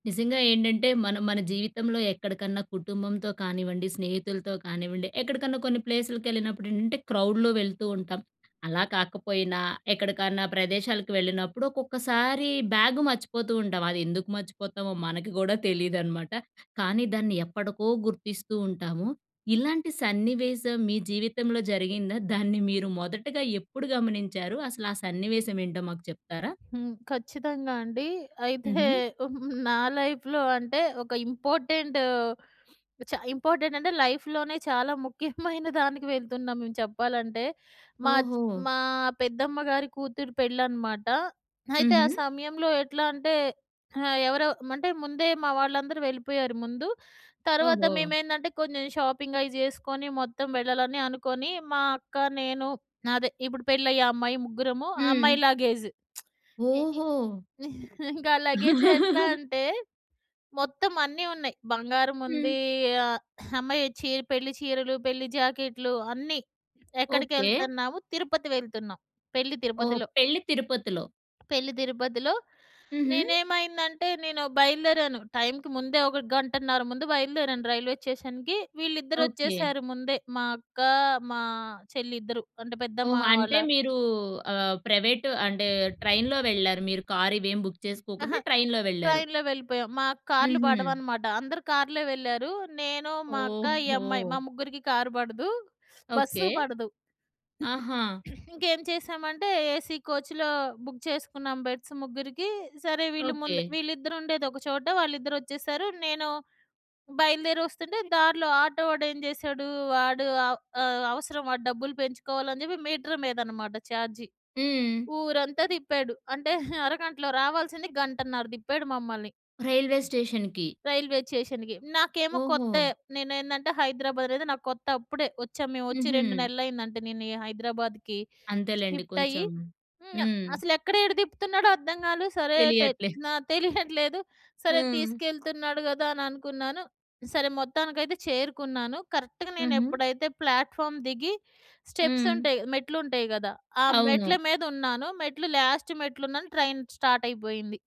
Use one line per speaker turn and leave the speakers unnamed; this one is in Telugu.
నిజంగా ఏంటంటే, మనం మన జీవితంలో ఎక్కడికన్నా కుటుంబంతో కానివ్వండి, స్నేహితులతో కానివ్వండి, ఎక్కడికన్నా కొన్ని ప్లేసులకి వెళ్ళినప్పుడు ఏంటంటే, క్రౌడ్‌లో వెళ్తూ ఉంటాం. అలా కాకపోయినా ఎక్కడికన్నా ప్రదేశాలకు వెళ్ళినప్పుడు ఒక్కొక్కసారి బ్యాగు మర్చిపోతూ ఉంటాం. అది ఎందుకు మర్చిపోతామో, మనకి కూడా తెలీదనమాట. కానీ దాన్ని ఎప్పటకో గుర్తిస్తూ ఉంటాము. ఇలాంటి సన్నివేశం మీ జీవితంలో జరిగిందా? దాన్ని మీరు మొదటగా ఎప్పుడు గమనించారు? అసలు ఆ సన్నివేశమెంటో మాకు చెప్తారా?
హ్మ్. ఖచ్చితంగా అండి. అయితే
హుహు.
హ్మ్, నా లైఫ్‌లో అంటే ఒక ఇంపార్టెంట్, చ ఇంపార్టెంట్ అంటే లైఫ్‌లోనే చాలా ముఖ్యమైన దానికి వెళ్తున్నాం మెం చెప్పాలంటే, మాచ్
ఓహో!
మా పెద్దమ్మ‌గారి కూతురు పెళ్ళనమాట. అయితే ఆ
హుహు.
సమయంలో ఎట్లా అంటే ఆహ్, ఎవరొ అంటే ముందే మా‌వాళ్ళందరూ వెళ్ళిపోయారు ముందు. తర్వాత
ఓహో!
మేమేందంటే, కొన్ని షాపింగయి చేసుకొని మొత్తం వెళ్ళాలని అనుకొని, మా అక్క, నేను, అదె ఇప్పుడు పెళ్ళయ్యే అమ్మాయి ముగ్గురము. ఆ అమ్మాయి
హ్మ్.
లగేజ్. ఎ ఎ
ఓహో!
ఇంకా లగేజ్ ఎట్లా అంటే, మొత్తం అన్నీ ఉన్నాయి. బంగారం
హ్మ్.
ఉంది. ఆహ్, అమ్మాయి చీర పెళ్ళి చీరలు, పెళ్ళి జాకెట్లు అన్నీ.
ఓకే.
ఎక్కడికెళ్తున్నాము? తిరుపతి వెళ్తున్నాం. పెళ్ళి
ఓహో!
తిరుపతిలో.
పెళ్ళి తిరుపతిలో.
పెళ్ళి తిరుపతిలో.
హుహు.
నేనేమైందంటే, నేను బయలుదేరాను. టైమ్‌కి ముందే ఒక గంటన్నర ముందు బయలుదేరాను రైల్వే స్టేషన్‌కి. విళ్ళిద్దరు
ఓకే.
వచ్చేసారు ముందే. మా అక్క, మా చెల్లి ఇద్దరు. అంటే, పెద్దమ్మ
ఓహో!
వాళ్ళ
అంటే మీరు ఆహ్, ప్రైవేటు అంటే ట్రైన్‌లో వెళ్ళారు మీరు. కార్ ఇవేమి బుక్
అహ!
చేసుకోకుండా ట్రైన్‌లో వెళ్ళారు.
ట్రైన్‌లో వెళ్ళిపోయాం. మాకు కార్‌లు
హుహు.
పడవనమాట. అందరూ కార్‌లో వెళ్ళారు. నేను, మా అక్క, ఈ అమ్మాయి మా
ఓహో!
ముగ్గురికి కార్ పడదు,
ఓకే.
బస్సు పడదు.
ఆహా!
ఇంకేంచేశామంటే, ఏసీ కోచ్‌లో బుక్ చేసుకున్నాం బెడ్స్ ముగ్గురికి. సరే వీళ్ళు ముందు
ఓకే.
వీళ్ళిద్దరుండేది ఒకచోట. వాళ్ళిద్దరొచ్చేసారు. నేను బయలుదేరి వస్తుంటే, దారిలో ఆటో వాడు ఏంజెసాడు, వాడు ఆహ్, ఆహ్, అవసరం వాడు డబ్బులు పెంచుకోవాలని చెప్పి మీటర్ మీద అనమాట ఛార్జి.
హ్మ్.
ఊరంతా తిప్పాడు. అంటే, అరగంటలో రావాల్సింది గంటన్నర తిప్పాడు మమ్మల్ని.
రైల్వే స్టేషన్‌కి.
రైల్వేచేషన్‌కి. నాకేమో కొత్తె.
ఓహొ!
నేనేందంటే హైదరాబాద్ అనేది నాకు కొత్త. ఇప్పుడే వచ్చాము. మేము వచ్చి 2
హుహు.
నెలలు అయిందంటే నేను ఈ హైదరాబాద్‌కి.
అంతేలెండి.
షిఫ్ట్ అయ్యి
కొంచెం.
హ్మ్.
హ్మ్.
అసలు ఎక్కడ ఏడ తిప్పుతున్నాడో అర్థంకాలే. సరే అయితే
తెలియట్లేదు.
న తెలియట్లేదు. సరే
హ్మ్.
తీసుకెళ్తున్నాడు కదా అని అనుకున్నాను. సరే మొత్తానికైతే చేరుకున్నాను. కరెక్ట్‌గా
హుహు.
నేనెప్పుడైతే ప్లాట్‌ఫార్మ్ దిగి, స్టెప్స్
హ్మ్.
ఉంటాయి. మెట్లు ఉంటయి కదా! ఆ మెట్ల
అవును.
మీద ఉన్నాను మెట్లు లాస్ట్ మెట్లు ఉన్నాను. ట్రైన్ స్టార్ట్ అయిపోయింది.